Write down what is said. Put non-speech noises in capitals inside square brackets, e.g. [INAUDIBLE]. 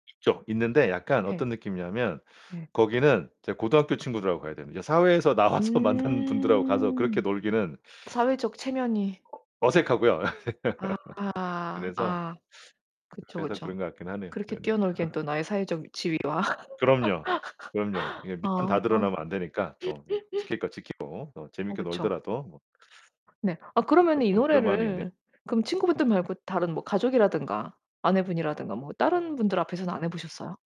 있죠, 있는데 약간 네. 어떤 느낌이냐면 네. 거기는 이제 고등학교 친구들하고 가야 됩니다. 사회에서 나와서 만난 분들하고 가서 그렇게 음 놀기는 사회적 체면이. 어 어색하고요. 아. [LAUGHS] 그래서 아 그쵸, 그래서 그쵸. 그런 것 같긴 하네요. 그렇게 네네. 뛰어놀기엔 [LAUGHS] 또 나의 사회적 지위와 그럼요. 그럼요. [LAUGHS] 이게 밑판 아. 다 드러나면 안 되니까 또 네 [LAUGHS] 지킬 거 지키고 또 어 재밌게 그쵸. 놀더라도 뭐. 네. 아 그러면은 이 [UNINTELLIGIBLE] 그런 마음이 있네요. 노래를 그럼 친구분들 말고 다른 뭐 가족이라든가 아내분이라든가 뭐 다른 분들 앞에서는 안 해 보셨어요?